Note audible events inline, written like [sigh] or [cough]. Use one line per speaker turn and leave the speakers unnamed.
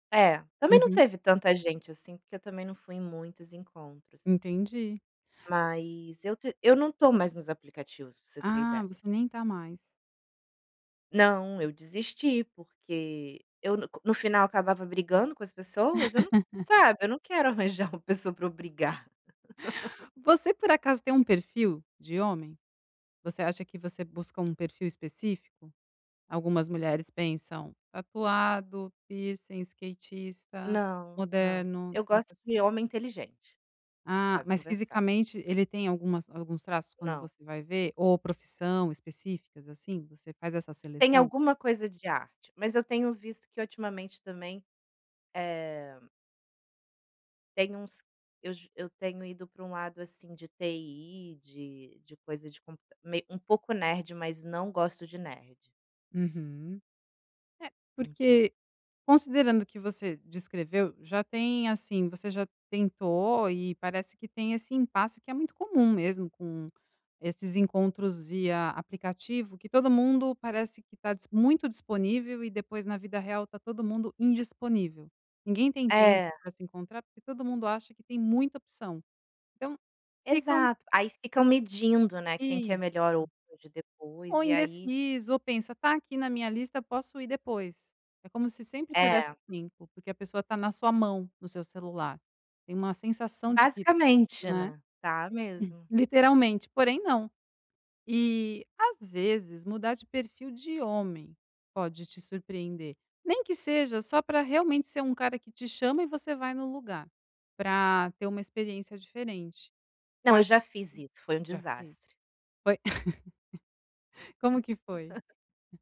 É, também não
Uhum.
teve tanta gente assim, porque eu também não fui em muitos encontros.
Entendi.
Mas eu te eu não tô mais nos aplicativos, pra você ter
Ah,
ideia.
você nem tá mais.
Não, eu desisti, porque eu no co no final acabava brigando com as pessoas, eu não
[laughs]
sabe, eu não quero arranjar uma pessoa para eu brigar. [laughs]
Você por acaso tem um perfil de homem? Você acha que você busca um perfil específico? Algumas mulheres pensam: "Tatuado, piercing, skatista,
Não, não.
moderno,
Eu
tá,
gosto
tá, tá".
de homem inteligente, que
Ah,
sabe
mas
conversar.
fisicamente ele tem algumas alguns traços quando
Não.
você vai ver? Ou profissão específicas, assim? Você faz essa
Tem
seleção?
alguma coisa de arte, mas eu tenho visto que ultimamente também, eh tem uns eu ju eu tenho ido pra um lado, assim, de TI, de de coisa, tipo, u meio um pouco nerd, mas não gosto de nerd.
Uhum. É,
Então
porque considerando o que você descreveu, já tem, assim, você já tentou e parece que tem esse impasse que é muito comum mesmo com esses encontros via aplicativo, que todo mundo parece que tá dis muito disponível e depois, na vida real, está todo mundo indisponível. Ninguém tem tempo
É.
para se encontrar, porque todo mundo acha que tem muita opção. Então, ficam
Exato. Aí ficam medindo, né, quem que é
Isso.
melhor ou pode
Ou
depois, e aí
indeciso, ou pensa: "Tá aqui na minha lista, posso ir depois". É como se sempre tivesse
É.
limpo, porque a pessoa tá na sua mão, no seu celular. Tem uma sensação de que
Basicamente,
né.
né. Tá
[chuckles]
mesmo.
Literalmente, porém, não. E, às vezes, mudar de perfil de homem pode te surpreender, nem que seja só pra realmente ser um cara que te chama e você vai no lugar, pra ter uma experiência diferente. Que eu
Não, eu
acho
já fiz isso, foi um
Já fez?
desastre.
Foi [laughs] como que foi?
[laughs]